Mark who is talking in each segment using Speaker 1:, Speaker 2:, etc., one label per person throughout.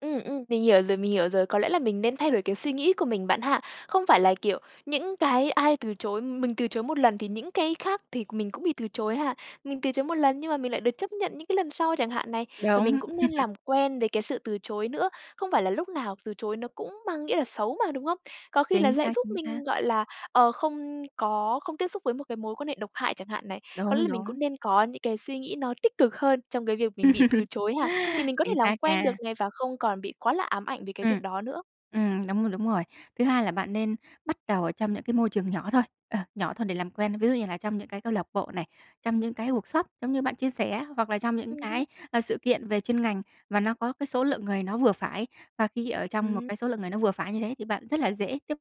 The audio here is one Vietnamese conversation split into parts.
Speaker 1: Ừm, ừm. Mình hiểu rồi, mình hiểu rồi. Có lẽ là mình nên thay đổi cái suy nghĩ của mình bạn ha. Không phải là, kiểu, những cái ai từ chối mình từ chối một lần thì những cái khác thì mình cũng bị từ chối ha. Mình từ chối một lần nhưng mà mình lại được chấp nhận những cái lần sau chẳng hạn này, và mình
Speaker 2: Đúng.
Speaker 1: cũng nên làm quen với cái sự từ chối nữa. Không phải là lúc nào từ chối nó cũng mang nghĩa là xấu mà, đúng không? Có khi là
Speaker 2: Chính
Speaker 1: sẽ
Speaker 2: xác,
Speaker 1: giúp
Speaker 2: chính xác.
Speaker 1: mình gọi là, ờ, không có không tiếp xúc với một cái mối quan hệ độc hại chẳng hạn này. Có lẽ
Speaker 2: Đúng,
Speaker 1: mình
Speaker 2: đúng.
Speaker 1: cũng nên có những cái suy nghĩ nó tích cực hơn trong cái việc mình bị từ chối ha. Thì mình có thể
Speaker 2: Chính
Speaker 1: làm
Speaker 2: xác
Speaker 1: quen
Speaker 2: nha.
Speaker 1: được này và không còn bị quá là ám ảnh về cái
Speaker 2: Ừm.
Speaker 1: việc đó nữa.
Speaker 2: Ừm, đúng rồi, đúng rồi. Thứ hai là bạn nên bắt đầu ở trong những cái môi trường nhỏ thôi, ờ, nhỏ thôi để làm quen. Ví dụ như là trong những cái câu lạc bộ này, trong những cái workshop giống như bạn chia sẻ, hoặc là trong những
Speaker 1: Ừm hứm.
Speaker 2: cái, à, sự kiện về chuyên ngành và nó có cái số lượng người nó vừa phải. Và khi ở trong một
Speaker 1: Ừm.
Speaker 2: cái số lượng người nó vừa phải như thế thì bạn rất là dễ tiếp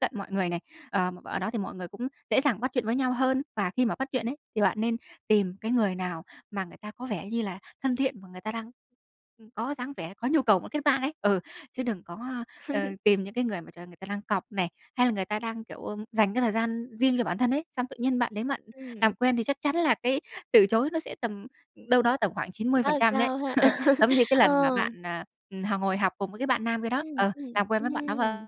Speaker 2: cận mọi người này. Ờ, ở đó thì mọi người cũng dễ dàng bắt chuyện với nhau hơn. Và khi mà bắt chuyện ấy, thì bạn nên tìm cái người nào mà người ta có vẻ như là thân thiện mà người ta đang có dáng vẻ có nhu cầu muốn kết bạn ấy. Ừ, chứ đừng có, ờ, tìm những cái người mà trời ơi người ta đang cọc này, hay là người ta đang kiểu, ừm, dành cái thời gian riêng cho bản thân ấy, xong tự nhiên bạn đến bạn làm
Speaker 1: Ừm.
Speaker 2: quen thì chắc chắn là cái từ chối nó sẽ tầm đâu đó tầm khoảng chín mươi
Speaker 1: Khá
Speaker 2: phần
Speaker 1: là
Speaker 2: trăm đấy.
Speaker 1: cao ha.
Speaker 2: Giống như cái
Speaker 1: Ờ.
Speaker 2: lần mà bạn, à, ừm, h ngồi học cùng với cái bạn nam kia đó.
Speaker 1: Ừm,
Speaker 2: Ờ,
Speaker 1: ừm.
Speaker 2: làm quen với bạn đó v
Speaker 1: Ừm.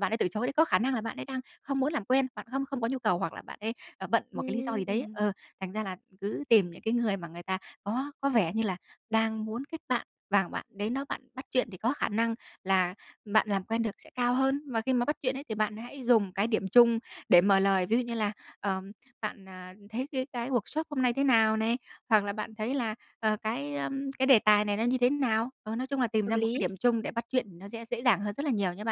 Speaker 2: bạn ấy tự chối đấy, có khả năng là bạn ấy đang không muốn làm quen. Bạn không không có nhu cầu hoặc là bạn ấy, ờ, bận một cái lý do gì đấy.
Speaker 1: Ừm.
Speaker 2: Ừ, thành ra là cứ tìm những cái người mà người ta có có vẻ như là đang muốn kết bạn. Và bạn đến đó bạn bắt chuyện thì có khả năng là bạn làm quen được sẽ cao hơn. Và khi mà bắt chuyện ấy thì bạn hãy dùng cái điểm chung để mở lời. Ví dụ như là "Ờ, bạn, à, thấy cái cái workshop hôm nay thế nào?" này, hoặc là "Bạn thấy là, ờ, cái, ờ, cái đề tài này nó như thế nào?" Ờ, nói chung là tìm
Speaker 1: Hợp
Speaker 2: ra một cái
Speaker 1: lý.
Speaker 2: điểm chung để bắt chuyện thì nó sẽ dễ dàng hơn rất là nhiều nha bạn.